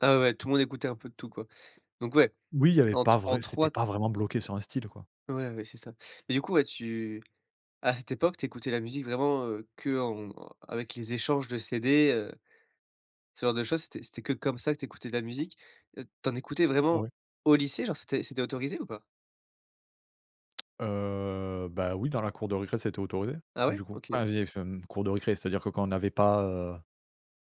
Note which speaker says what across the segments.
Speaker 1: Ah ouais, tout le monde écoutait un peu de tout, quoi. Donc ouais,
Speaker 2: Oui, il y avait
Speaker 1: en t
Speaker 2: pas
Speaker 1: en
Speaker 2: vrai c'était
Speaker 1: 3.
Speaker 2: pas vraiment bloqué sur un style, quoi.
Speaker 1: Ouais, ouais, c'est ça. Et du coup, ouais, tu à cette époque, tu écoutais la musique vraiment, heu, que en avec les échanges de CD, heu, ce genre de choses? C'était c'était que comme ça que tu écoutais de la musique? Heu, tu en écoutais vraiment
Speaker 2: Ouais.
Speaker 1: au lycée, genre? C'était c'était autorisé ou pas?
Speaker 2: Heu, bah oui, dans la cour de récré, c'était autorisé,
Speaker 1: Ah ouais?
Speaker 2: du coup.
Speaker 1: OK.
Speaker 2: Ah, via FM cour de récré, c'est-à-dire que, quand on avait pas heu,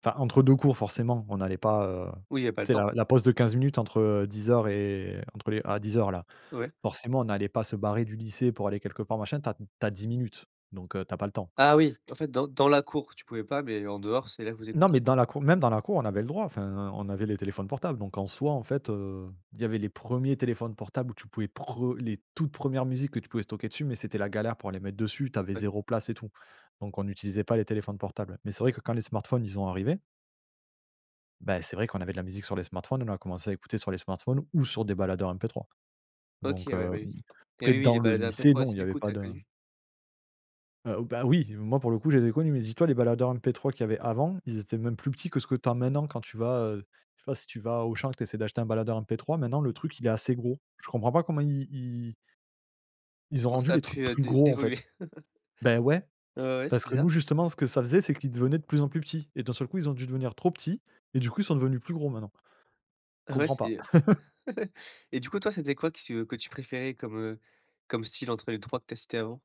Speaker 2: enfin, entre 2 cours, forcément, on allait pas, heu,
Speaker 1: Oui, il y a pas le
Speaker 2: tu sais,
Speaker 1: temps.
Speaker 2: la la pause de 15 minutes entre, heu, 10:00 et entre les à 10:00, là.
Speaker 1: Ouais.
Speaker 2: Forcément, on allait pas se barrer du lycée pour aller quelque part, machin. Tu as tu as 10 minutes, donc heu, tu as pas le temps.
Speaker 1: Ah oui. En fait, dans dans la cour, tu pouvais pas, mais en dehors, c'est là que vous
Speaker 2: Non, mais
Speaker 1: écoutiez?
Speaker 2: dans la cour même dans la cour, on avait le droit. Enfin, on avait les téléphones portables, donc en soi, en fait, heu, il y avait les premiers téléphones portables où tu pouvais prem les toutes premières musiques que tu pouvais stocker dessus, mais c'était la galère pour les mettre dessus. Tu avais
Speaker 1: Ouais.
Speaker 2: 0 place et tout. Donc, on utilisait pas les téléphones portables. Mais c'est vrai que, quand les smartphones, ils ont arrivés beh, c'est vrai qu'on avait de la musique sur les smartphones. On a commencé à écouter sur les smartphones ou sur des baladeurs MP3,
Speaker 1: OK,
Speaker 2: donc
Speaker 1: ouais, beh
Speaker 2: heu,
Speaker 1: oui.
Speaker 2: oui.
Speaker 1: Et
Speaker 2: Après,
Speaker 1: oui, oui, les
Speaker 2: dans le
Speaker 1: baladeurs
Speaker 2: lycée,
Speaker 1: MP3 aussi,
Speaker 2: non, il y
Speaker 1: du
Speaker 2: avait
Speaker 1: coup, tu
Speaker 2: pas
Speaker 1: as
Speaker 2: de
Speaker 1: connu?
Speaker 2: Heu, bah oui! Moi, pour le coup, je les ai connus. Mais dis toi, les baladeurs MP3 qu'il y avait avant, ils étaient même plus petits que ce que tu as maintenant quand tu vas, heu, je sais pas si tu vas à Auchan, que tu essaies d'acheter un baladeur MP3. Maintenant, le truc, il est assez gros. Je comprends pas comment i ils ils ont
Speaker 1: Comment
Speaker 2: rendu
Speaker 1: ça a
Speaker 2: les trucs
Speaker 1: pu, heu,
Speaker 2: plus
Speaker 1: d
Speaker 2: gros, en fait.
Speaker 1: dévoluer?
Speaker 2: Beh ouais!
Speaker 1: Ouais, ouais, c'est
Speaker 2: Parce que
Speaker 1: bizarre.
Speaker 2: nous, justement, ce que ça faisait, c'est qu'ils devenaient de plus en plus petits, et d'un seul coup, ils ont dû devenir trop petits, et du coup, ils sont devenus plus gros, maintenant.
Speaker 1: Ah ouais
Speaker 2: Comprends pas.
Speaker 1: c'était heu. Et du coup, toi, c'était quoi que tu que tu préférais comme, heu, comme style entre les 3 que tu as cité avant?